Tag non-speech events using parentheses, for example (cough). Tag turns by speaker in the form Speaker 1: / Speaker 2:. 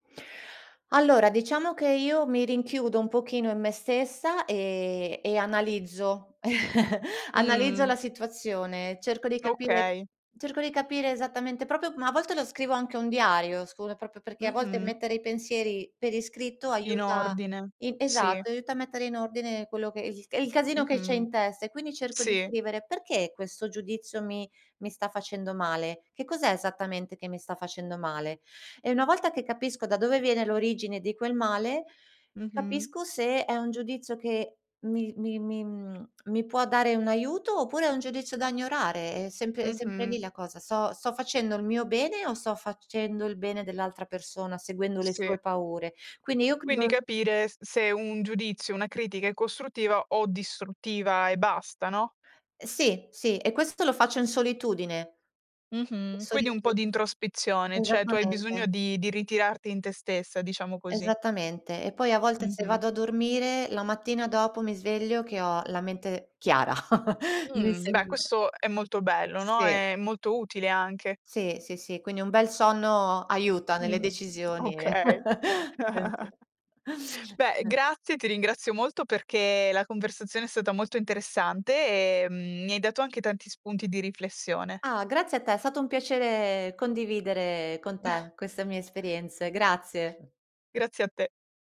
Speaker 1: Allora, diciamo che io mi rinchiudo un pochino in me stessa e e analizzo (chuckles) analizzo
Speaker 2: Mhmm.
Speaker 1: la situazione. Cerco di capire
Speaker 2: Okay.
Speaker 1: cerco di capire esattamente proprio ma a volte lo scrivo anche un diario, scu è proprio perché a volte
Speaker 2: Mh-mh.
Speaker 1: mettere i pensieri per iscritto
Speaker 2: In
Speaker 1: aiuta
Speaker 2: ordine,
Speaker 1: in
Speaker 2: sì.
Speaker 1: esatto, aiuta a mettere in ordine quello che esiste e il casino che c'è
Speaker 2: Mh-mh,
Speaker 1: in testa, e quindi cerco di
Speaker 2: sì.
Speaker 1: scrivere. Perché questo giudizio mi mi sta facendo male? Che cos'è esattamente che mi sta facendo male? E una volta che capisco da dove viene l'origine di quel male,
Speaker 2: Mh-mh.
Speaker 1: capisco se è un giudizio che mi mi mi mhmm, mi può dare un aiuto, oppure è un giudizio da ignorare. È sempre è sempre lì
Speaker 2: Mh-mh.
Speaker 1: la cosa, sto sto facendo il mio bene o sto facendo il bene dell'altra persona, seguendo le
Speaker 2: Sì.
Speaker 1: sue paure? Quindi io
Speaker 2: Quindi
Speaker 1: credo
Speaker 2: capire s se un giudizio, una critica è costruttiva o distruttiva e basta, no?
Speaker 1: Sì, sì, e questo lo faccio in solitudine.
Speaker 2: Mh-mh. Quindi un
Speaker 1: Solitu
Speaker 2: po' di introspezione, cioè tu hai bisogno
Speaker 1: esattamente.
Speaker 2: di di ritirarti in te stessa, diciamo così.
Speaker 1: Esattamente. E poi a volte se
Speaker 2: Mh-mh.
Speaker 1: vado a dormire, la mattina dopo mi sveglio che ho la mente chiara. (chuckles) Mi
Speaker 2: Mh,
Speaker 1: sem
Speaker 2: beh, questo è molto bello, no,
Speaker 1: Sì.
Speaker 2: è molto utile anche.
Speaker 1: Sì, sì, sì. Quindi un bel sonno aiuta nelle
Speaker 2: Mh,
Speaker 1: decisioni e
Speaker 2: okay.
Speaker 1: (chuckles) è
Speaker 2: (chuckles)
Speaker 1: ve
Speaker 2: Beh,
Speaker 1: (chuckles)
Speaker 2: grazie, ti ringrazio molto perché la conversazione è stata molto interessante, e, mhmm, mi hai dato anche tanti spunti di riflessione.
Speaker 1: Ah, grazie a te, è stato un piacere condividere con
Speaker 2: (chuckles)
Speaker 1: te queste mie esperienze. Grazie.
Speaker 2: Grazie a te.